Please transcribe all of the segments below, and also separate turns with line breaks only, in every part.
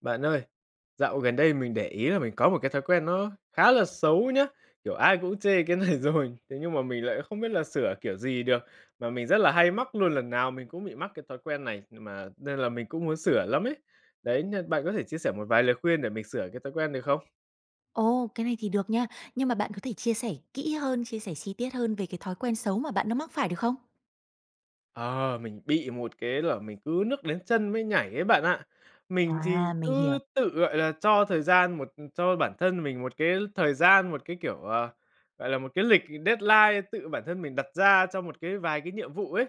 Bạn ơi, dạo gần đây mình để ý là mình có một cái thói quen nó khá là xấu nhá, kiểu ai cũng chê cái này rồi. Thế nhưng mà mình lại không biết là sửa kiểu gì được, mà mình rất là hay mắc luôn, lần nào mình cũng bị mắc cái thói quen này, nhưng mà nên là mình cũng muốn sửa lắm ấy. Đấy, nh bạn có thể chia sẻ một vài lời khuyên để mình sửa cái thói quen được không?
Ồ, cái này thì được nha. Nhưng mà bạn có thể chia sẻ kỹ hơn, chia sẻ chi tiết hơn về cái thói quen xấu mà bạn đang mắc phải được không?
Ờ, mình bị một cái là mình cứ nước đến chân mới nhảy ấy bạn ạ. Mình
À,
thì
mình
cứ
hiểu.
tự, gọi là, cho thời gian một cho bản thân mình một cái thời gian, một cái kiểu, ờ, gọi là một cái lịch deadline tự bản thân mình đặt ra cho một cái vài cái nhiệm vụ ấy,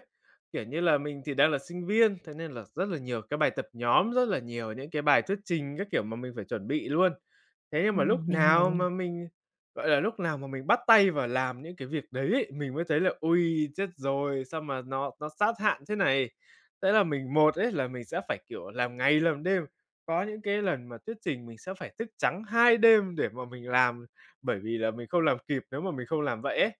kiểu như là mình thì đang là sinh viên, thế nên là rất là nhiều cái bài tập nhóm, rất là nhiều những cái bài thuyết trình các kiểu mà mình phải chuẩn bị luôn. Thế nhưng mà lúc
Ừm, mình hiểu
nào
nè.
mà mình gọi là, lúc nào mà mình bắt tay vào làm những cái việc đấy ấy, mình mới thấy là: ôi, chết rồi, sao mà nó nó sát hạn thế này. Thế là mình một ấy, là mình sẽ phải kiểu làm ngày làm đêm, có những cái lần mà thuyết trình mình sẽ phải thức trắng 2 đêm để mà mình làm, bởi vì là mình không làm kịp, nếu mà mình không làm vậy ấy,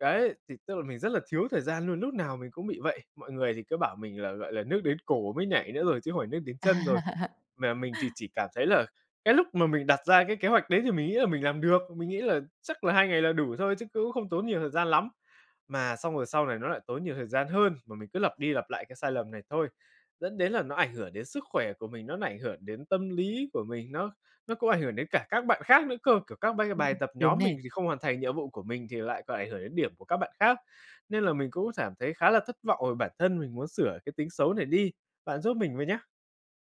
đấy, thì tức là mình rất là thiếu thời gian luôn, lúc nào mình cũng bị vậy. Mọi người thì cứ bảo mình là, gọi là nước đến cổ mới nhảy nữa rồi, chứ không phải nước đến chân rồi.
À.
Mà mình thì chỉ cảm thấy là cái lúc mà mình đặt ra cái kế hoạch đấy thì mình nghĩ là mình làm được, mình nghĩ là chắc là 2 ngày là đủ thôi chứ cũng không tốn nhiều thời gian lắm. Mà xong rồi sau này nó lại tốn nhiều thời gian hơn mà mình cứ lặp đi lặp lại cái sai lầm này thôi. Dẫn đến là nó ảnh hưởng đến sức khỏe của mình, nó ảnh hưởng đến tâm lý của mình, nó nó cũng ảnh hưởng đến cả các bạn khác nữa cơ, kiểu các bai
Ừm,
bài tập
đúng
nhóm mình
nè.
thì không hoàn thành nhiệm vụ của mình thì lại còn ảnh hưởng đến điểm của các bạn khác. Nên là mình cũng cảm thấy khá là thất vọng về bản thân, mình muốn sửa cái tính xấu này đi. Bạn giúp mình với nhá.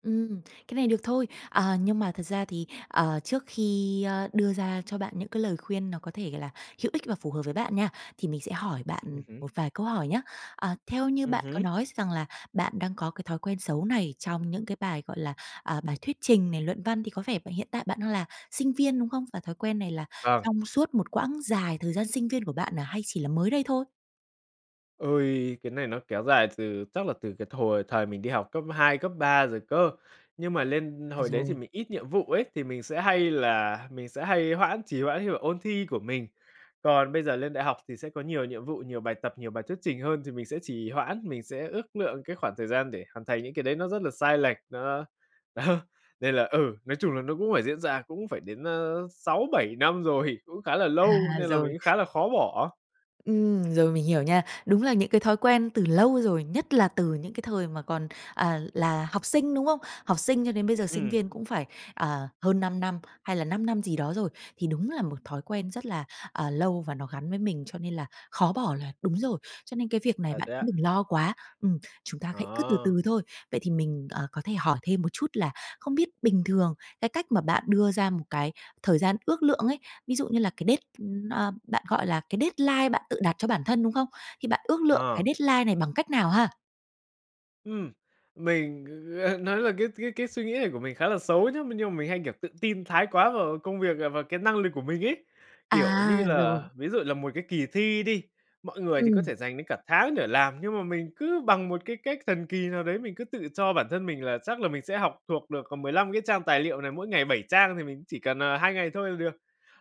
Ừm, cái này được thôi. À, nhưng mà thật ra thì, ờ, trước khi, ơ, đưa ra cho bạn những cái lời khuyên nó có thể gọi là hữu ích và phù hợp với bạn nha, thì mình sẽ hỏi bạn
Ừm hứm.
một vài câu hỏi nhá. Ờ, theo như
Ừm
bạn có
hứm.
nói rằng là bạn đang có cái thói quen xấu này trong những cái bài, gọi là, à, bài thuyết trình này, luận văn thì có vẻ b hiện tại bạn đang là sinh viên, đúng không? Và thói quen này là
Vâng.
trong suốt một quãng dài thời gian sinh viên của bạn à, hay chỉ là mới đây thôi?
Ôi, cái này nó kéo dài từ chắc là từ cái thời thời mình đi học cấp 2, cấp 3 rồi cơ. Nhưng mà lên
À,
hồi đấy thì
rồi.
mình ít nhiệm vụ ấy, thì mình sẽ hay là mình sẽ hay hoãn trì hoãn như là ôn thi của mình. Còn bây giờ lên đại học thì sẽ có nhiều nhiệm vụ, nhiều bài tập, nhiều bài thuyết trình hơn, thì mình sẽ trì hoãn, mình sẽ ước lượng cái khoảng thời gian để hoàn thành những cái đấy, nó rất là sai lệch. Nó đó, nên là ừ, nói chung là nó cũng phải diễn ra, cũng phải đến, a, 6-7 năm rồi. Cũng khá là lâu,
À,
nên là mình
rồi.
cũng khá là khó bỏ.
Ừm, rồi, mình hiểu nha. Đúng là những cái thói quen từ lâu rồi, nhất là từ những cái thời mà còn, à, là học sinh, đúng không? Học sinh cho đến bây giờ sinh
Ừm.
viên cũng phải, ờ, hơn 5 năm, hay là 5 năm gì đó rồi. Thì đúng là một thói quen rất là, à, lâu và nó gắn với mình, cho nên là khó bỏ là đúng rồi. Cho nên cái việc này
À,
bạn
thế
cũng
ạ?
đừng lo quá, ừm, chúng ta hãy cứ từ
Ờ.
từ thôi. Vậy thì mình, ờ, có thể hỏi thêm một chút là, không biết bình thường cái cách mà bạn đưa ra một cái thời gian ước lượng ấy, ví dụ như là cái đết ơ, bạn gọi là cái deadline bạn tự đặt cho bản thân, đúng không? Thì bạn ước lượng
Ờ.
cái deadline này bằng cách nào ha?
Ừm, mình g nói là cái cái cái suy nghĩ này của mình khá là xấu nhá, m nhưng mà mình hay kiểu tự tin thái quá vào công việc, à, vào cái năng lực của mình ấy. Kiểu như
À! Rồi.
là, ví dụ là một cái kỳ thi đi, mọi người thì có
Ừm.
thể dành đến cả tháng để làm, nhưng mà mình cứ bằng một cái cách thần kỳ nào đấy, mình cứ tự cho bản thân mình là chắc là mình sẽ học thuộc được, còn 15 cái trang tài liệu này, mỗi ngày 7 trang thì mình cũng chỉ cần, ờ, 2 ngày thôi là được.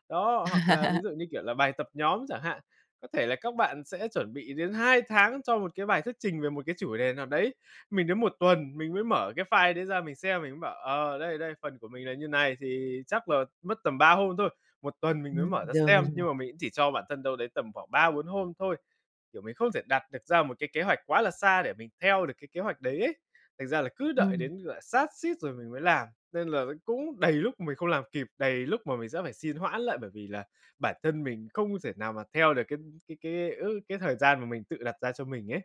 Đó, hoặc là ví dụ như kiểu là bài tập nhóm chẳng hạn, có thể là các bạn sẽ chuẩn bị đến 2 tháng cho một cái bài thuyết trình về một cái chủ đề nào đấy, mình đến 1 tuần, mình mới mở cái file đấy ra mình xem, mình mới bảo: "Ờ, đây, đây, phần của mình là như này, thì chắc là mất tầm 3 hôm thôi." 1 tuần mình mới
Ừm,
mở ra
rồi. Mình
xem,
hiểu.
nhưng mà mình cũng chỉ cho bản thân đâu đấy tầm khoảng 3-4 hôm thôi. Kiểu mình không thể đặt được ra một cái kế hoạch quá là xa để mình theo được cái kế hoạch đấy ấy. Thành ra là cứ đợi
Ừm.
đến, gọi là, sát suýt rồi mình mới làm, nên là ấy, cũng đầy lúc mình không làm kịp, đầy lúc mà mình sẽ phải xin hoãn lại, bởi vì là bản thân mình không thể nào mà theo được cái cái cái ước cái thời gian mà mình tự đặt ra cho mình ấy.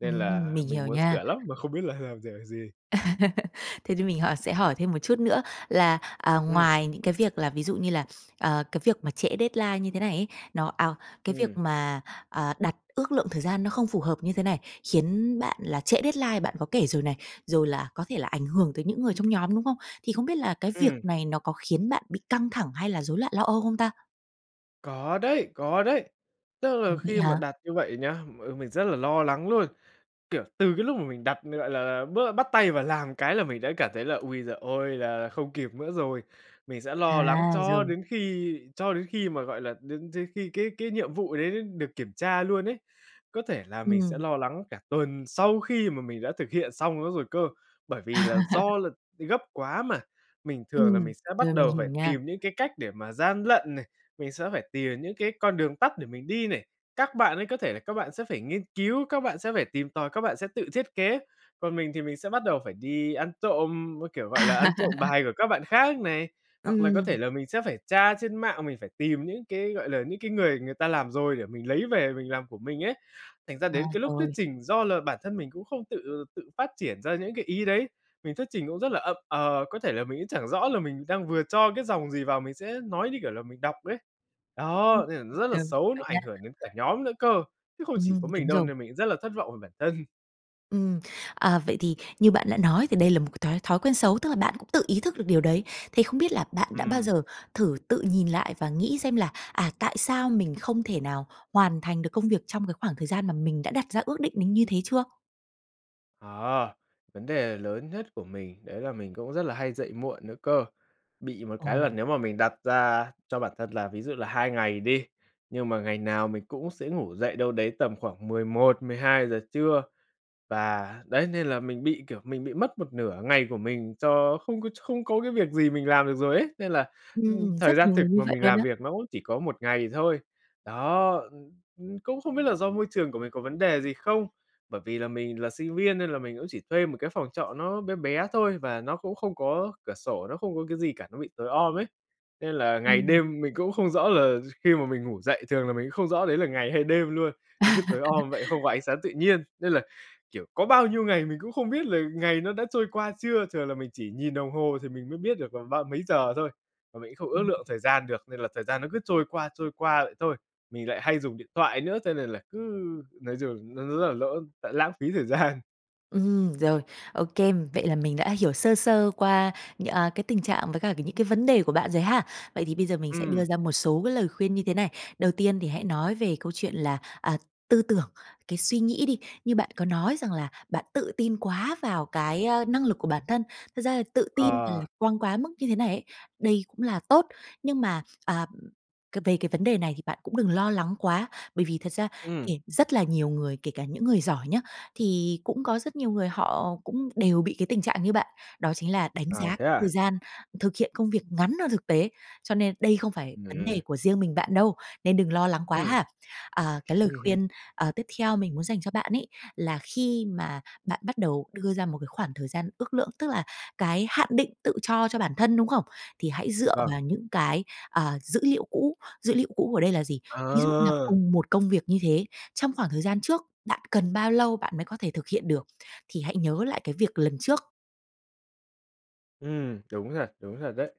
Nên
Ừm,
là
mình
mình
hiểu
muốn
nha.
sửa lắm mà không biết là làm kiểu gì.
Thế cho mình hỏi sẽ hỏi thêm một chút nữa là, à,
Ừm.
ngoài những cái việc là ví dụ như là, ờ, cái việc mà trễ deadline như thế này ấy, nó à, cái việc
Ừm.
mà, à, đặt ước lượng thời gian nó không phù hợp như thế này, khiến bạn là trễ deadline, bạn có kể rồi này, rồi là có thể là ảnh hưởng tới những người trong nhóm, đúng không? Thì không biết là cái việc
Ừm.
này nó có khiến bạn bị căng thẳng hay là rối loạn lo âu không ta?
Có đấy, có đấy. Tức
Ủa,
là
vậy
khi mà
hả?
đặt như vậy nhá, m mình rất là lo lắng luôn. Kiểu, từ cái lúc mà mình đặt, gọi là, bớ bắt tay vào làm cái là mình đã cảm thấy là ôi giời ơi, là không kịp nữa rồi. Mình sẽ lo lắng
À,
cho
rồi.
đến khi cho đến khi mà gọi là đến đến khi cái cái nhiệm vụ đấy được kiểm tra luôn ấy. Có thể là mình sẽ
Ừm.
lo lắng cả tuần sau khi mà mình đã thực hiện xong nó rồi cơ. Bởi vì là do là gấp quá mà, mình thường là
Ừm.
mình sẽ
Rồi,
bắt
mình
đầu
hiểu
phải
nha.
tìm những cái cách để mà gian lận này, mình sẽ phải tìm những cái con đường tắt để mình đi này. Các bạn ấy có thể là các bạn sẽ phải nghiên cứu, các bạn sẽ phải tìm tòi, các bạn sẽ tự thiết kế. Còn mình thì mình sẽ bắt đầu phải đi ăn trộm, a, kiểu, gọi là, ăn trộm bài của các bạn khác này, hoặc là có thể
Ừm.
là mình sẽ phải tra trên mạng, mình phải tìm những cái, gọi là, những cái người người ta làm rồi để mình lấy về mình làm của mình ấy. Thành ra
À,
đến cái lúc thuyết
rồi.
trình, do là bản thân mình cũng không tự tự phát triển ra những cái ý đấy, mình thuyết trình cũng rất là ậm ờ, có thể là mình cũng chẳng rõ là mình đang vừa cho cái dòng gì vào, mình sẽ nói như kiểu là mình đọc ấy.
Ừm.
Đó, nên là nó rất là
Rồi, mình
xấu,
hiểu
nó
nha.
ảnh hưởng đến cả nhóm nữa cơ, chứ không chỉ
Ừm,
có mình
đúng
đâu,
rồi.
nên mình cũng rất là thất vọng về bản thân.
Ừm, à, vậy thì như bạn đã nói thì đây là một cái thói thói quen xấu, tức là bạn cũng tự ý thức được điều đấy. Thế không biết là bạn đã bao
Ừm.
giờ thử tự nhìn lại và nghĩ xem là, à, tại sao mình không thể nào hoàn thành được công việc trong cái khoảng thời gian mà mình đã đặt ra ước định đến như thế chưa?
Ờ, vấn đề lớn nhất của mình đấy là mình cũng rất là hay dậy muộn nữa cơ. Bị một cái là
Ừ.
nếu mà mình đặt ra cho bản thân là ví dụ là 2 ngày đi, nhưng mà ngày nào mình cũng sẽ ngủ dậy đâu đấy tầm khoảng 11:00-12:00 trưa. Và đấy, nên là mình bị, kiểu, mình bị mất một nửa ngày của mình cho không có ch không có cái việc gì mình làm được rồi ấy, nên là, ưm,
Ừm,
thời
rất
gian
nhiều
thực
người như
mà
vậy
mình
luôn
làm
á.
việc nó cũng chỉ có 1 ngày thôi. Đó, ưm, ưm, cũng không biết là do môi trường của mình có vấn đề gì không. Bởi vì là mình là sinh viên nên là mình cũng chỉ thuê một cái phòng trọ nó bé bé thôi và nó cũng không có cửa sổ, nó không có cái gì cả, nó bị tối om ấy nên là ngày
Ừm.
đêm mình cũng không rõ là gi khi mà mình ngủ dậy, thường là mình cũng không rõ đấy là ngày hay đêm luôn. Nó cứ tối om vậy, không có ánh sáng tự nhiên nên là, kiểu, có bao nhiêu ngày mình cũng không biết là ngày nó đã trôi qua chưa. Thường là mình chỉ nhìn đồng hồ thì mình mới biết được là ba mấy giờ thôi, mà mình cũng không ước
Ừm.
lượng thời gian được nên là thời gian nó cứ trôi qua, trôi qua vậy thôi. Mình lại hay dùng điện thoại nữa, cho nên là cứ nói chung là nó rất là lỡ lại lãng phí thời gian.
Ừm, rồi. Ô kê. Vậy là mình đã hiểu sơ sơ qua nh a, cái tình trạng với cả ca những cái vấn đề của bạn rồi ha. Vậy thì bây giờ mình sẽ đưa
Ừm.
ra một số cái lời khuyên như thế này. Đầu tiên thì hãy nói về câu chuyện là, à, tư tưởng, cái suy nghĩ đi. Như bạn có nói rằng là bạn tự tin quá vào cái, a, năng lực của bản thân. Thật ra là tự tin và
Ờ.
lạc quan quá mức như thế này ấy, đây cũng là tốt. Nhưng mà, à, c về cái vấn đề này thì bạn cũng đừng lo lắng quá, bởi vì thật ra
Ừm.
kể rất là nhiều người, kể cả những người giỏi nhá, thì cũng có rất nhiều người họ cũng đều bị cái tình trạng như bạn. Đó chính là đánh
À,
giá c
thế
thời
à?
gian thực hiện công việc ngắn hơn thực tế. Cho nên đây không phải vấn
Ừm.
đề của riêng mình bạn đâu, nên đừng lo lắng quá
Ừm.
ha. À, cái lời
Ừm hứm.
khuyên, ờ, tiếp theo mình muốn dành cho bạn ấy, là khi mà bạn bắt đầu đưa ra một cái khoảng thời gian ước lượng, tức là cái hạn định tự cho cho bản thân, đúng không? Thì hãy dựa
Vâng.
vào những cái, ờ, dữ liệu cũ. Dữ liệu cũ ở đây là gì? Ví dụ như là
Ờ.
cùng một công việc như thế, trong khoảng thời gian trước, bạn cần bao lâu bạn mới có thể thực hiện được, thì hãy nhớ lại cái việc lần trước.
Ừm, đúng thật, đúng thật đấy,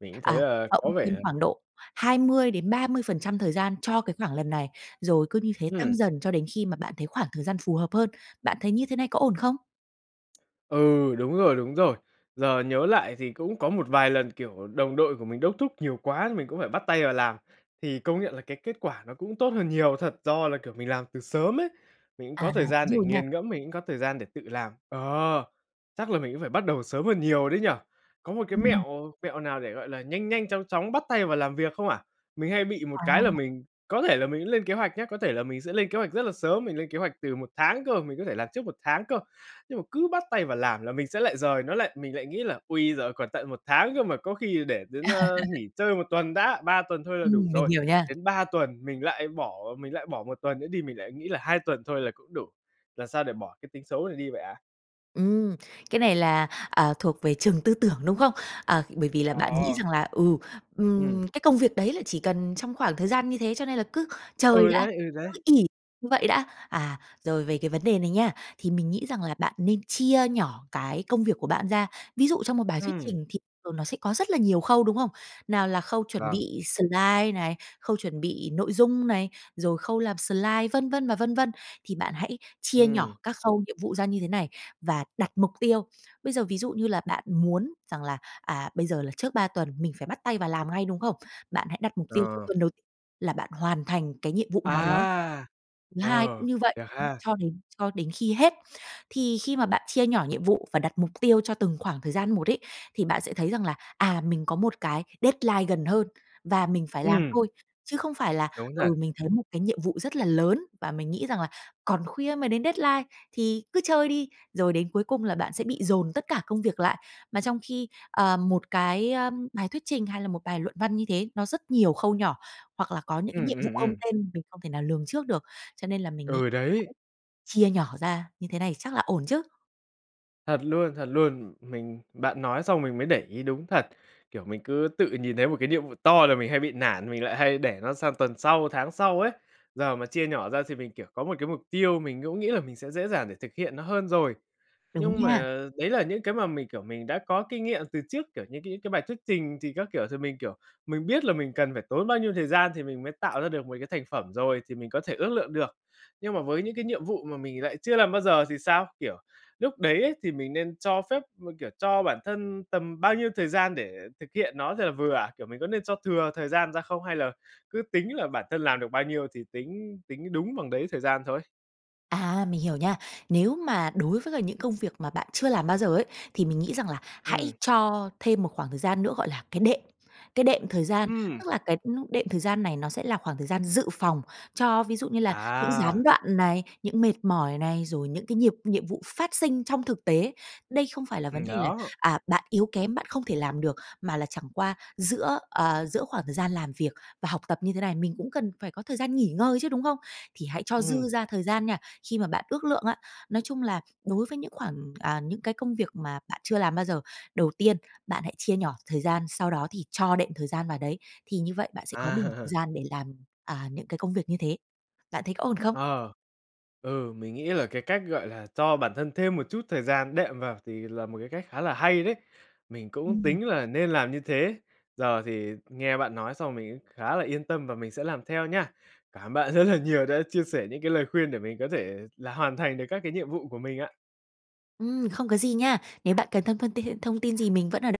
mình cũng thấy
À,
là
cộng
có
thêm
vẻ
khoảng độ 20% đến 30% thời gian cho cái khoảng lần này, rồi cứ như thế tăng
Ừm!
dần cho đến khi mà bạn thấy khoảng thời gian phù hợp hơn. Bạn thấy như thế này có ổn không?
Ừ, đúng rồi, đúng rồi. Giờ nhớ lại thì cũng có một vài lần, kiểu đồng đội của mình đốc thúc nhiều quá, mình cũng phải bắt tay vào làm. Thì công nhận là cái kết quả nó cũng tốt hơn nhiều thật, do là, kiểu, mình làm từ sớm ấy, mình cũng có
À,
thời gian
đúng
để
rồi nha.
nghiền ngẫm, mình cũng có thời gian để tự làm. Ờ, chắc là mình cũng phải bắt đầu sớm hơn nhiều đấy nhỉ? Có một cái
Ừm.
mẹo mẹo nào để, gọi là, nhanh nhanh, chóng chóng bắt tay vào làm việc không ạ? Mình hay bị một
À.
cái là mình có thể là mình cũng lên kế hoạch nhá, có thể là mình sẽ lên kế hoạch rất là sớm, mình lên kế hoạch từ 1 tháng cơ, mình có thể làm trước 1 tháng cơ. Nhưng mà cứ bắt tay vào làm là mình sẽ lại dời nó lại, mình lại nghĩ là: "Ôi, giời còn tận 1 tháng cơ mà, có khi để đến, ơ, nghỉ chơi 1 tuần đã, 3 tuần thôi là đủ
Ừm, mình
rồi."
hiểu nha.
Đến 3 tuần mình lại bỏ, mình lại bỏ 1 tuần nữa đi mình lại nghĩ là 2 tuần thôi là cũng đủ. Làm sao để bỏ cái tính xấu này đi vậy ạ?
Ừm, cái này là, à, thuộc về trường tư tưởng, đúng không? À, bởi vì là
Ờ.
bạn nghĩ rằng là, ừ,
Ừm.
"Ừm, cái công việc đấy là chỉ cần trong khoảng thời gian như thế, cho nên là cứ chơi
Ừ
đã,
đấy, ừ
cứ
đấy!
ỷ như vậy đã." À, rồi về cái vấn đề này nha, thì mình nghĩ rằng là bạn nên chia nhỏ cái công việc của bạn ra. Ví dụ trong một bài thuyết
Ừm!
trình thì thuờng nó sẽ có rất là nhiều khâu, đúng không? Nào là khâu chuẩn
Vâng.
bị slide này, khâu chuẩn bị nội dung này, rồi khâu làm slide, vân vân và vân vân, thì bạn hãy chia nhỏ
Ừm.
các khâu nhiệm vụ ra như thế này và đặt mục tiêu. Bây giờ ví dụ như là bạn muốn rằng là, à, bây giờ là trước 3 tuần mình phải bắt tay vào làm ngay, đúng không? Bạn hãy đặt mục tiêu cho
Ờ.
tuần đầu là bạn hoàn thành cái nhiệm vụ nào đó.
À!
Thứ hai
Ờ,
cũng như vậy,
được ha.
cho đến cho đến khi hết. Thì khi mà bạn chia nhỏ nhiệm vụ và đặt mục tiêu cho từng khoảng thời gian một ấy, thì bạn sẽ thấy rằng là: "À, mình có một cái deadline gần hơn và mình phải làm
Ừm!
thôi." Chứ không phải là:
Đúng
"Ừ,
thật.
mình thấy một cái nhiệm vụ rất là lớn và mình nghĩ rằng là còn khuya mới đến deadline thì cứ chơi đi." rồi đến cuối cùng là bạn sẽ bị dồn tất cả công việc lại. Mà trong khi, ờ, một cái, ơ, bài thuyết trình hay là một bài luận văn như thế, nó rất nhiều khâu nhỏ, hoặc là có những cái
Ừm,
nhiệm vụ
ừm,
không
ừm.
tên mình không thể nào lường trước được. Cho nên là mình nghĩ
Ừ đấy!
[unintelligible] chia nhỏ ra như thế này chắc là ổn chứ?
Thật luôn, thật luôn. Mình bạn nói xong mình mới để ý đúng thật. Kiểu mình cứ tự nhìn thấy một cái nhiệm vụ to là mình hay bị nản, mình lại hay để nó sang tuần sau, tháng sau ấy. Giờ mà chia nhỏ ra thì mình, kiểu có 1 cái mục tiêu, mình cũng nghĩ là mình sẽ dễ dàng để thực hiện nó hơn rồi.
Đúng
Nhưng
nha.
mà, đấy là những cái mà mình, kiểu, mình đã có kinh nghiệm từ trước, kiểu như những cái bài thuyết trình thì các kiểu, thì mình, kiểu, mình biết là mình cần phải tốn bao nhiêu thời gian thì mình mới tạo ra được 1 cái thành phẩm rồi, thì mình có thể ước lượng được. Nhưng mà với những cái nhiệm vụ mà mình lại chưa làm bao giờ thì sao? Kiểu lúc đấy á, thì mình nên cho phép m kiểu, cho bản thân tầm bao nhiêu thời gian để thực hiện nó là vừa ạ? Kiểu mình có nên cho thừa thời gian ra không hay là cứ tính là bản thân làm được bao nhiêu thì tính tính đúng bằng đấy thời gian thôi?
À, mình hiểu nha. Nếu mà đối với cả những công việc mà bạn chưa làm bao giờ ấy, thì mình nghĩ rằng là hãy
Ừm.
cho thêm một khoảng thời gian nữa gọi là cái đệm, cái đệm thời gian.
Ừm!
Tức là cái, ưm, đệm thời gian này nó sẽ là khoảng thời gian dự phòng cho ví dụ như là những gián
À!
đoạn này, những mệt mỏi này, rồi những cái nhịp nhiệm vụ phát sinh trong thực tế. Đây không phải là vấn
Ừm,
đề là,
đó.
à, bạn yếu kém, bạn không thể làm được. Mà là chẳng qua giữa, ờ, giữa khoảng thời gian làm việc và học tập như thế này, mình cũng cần phải có thời gian nghỉ ngơi chứ, đúng không? Thì hãy cho dư
Ừm!
ra thời gian nha, khi mà bạn ước lượng á. Nói chung là đối với những khoảng à, những cái công việc mà bạn chưa làm bao giờ, đầu tiên, bạn hãy chia nhỏ thời gian, sau đó thì cho đệm thời gian vào đấy. Thì như vậy bạn sẽ có đủ thời
À.
gian để làm, à, những cái công việc như thế. Bạn thấy có ổn không?
Ờ, ừ, mình nghĩ là cái cách gọi là cho bản thân thêm một chút thời gian đệm vào thì là một cái cách khá là hay đấy, mình cũng
Ừm.
tính là nên làm như thế. Giờ thì nghe bạn nói xong mình cũng khá là yên tâm và mình sẽ làm theo nhá. Cảm ơn bạn rất là nhiều đã chia sẻ những cái lời khuyên để mình có thể là hoàn thành được các cái nhiệm vụ của mình ạ.
Ừm, không có gì nha. Nếu bạn cần thân phân th tin thông tin gì mình vẫn ở đ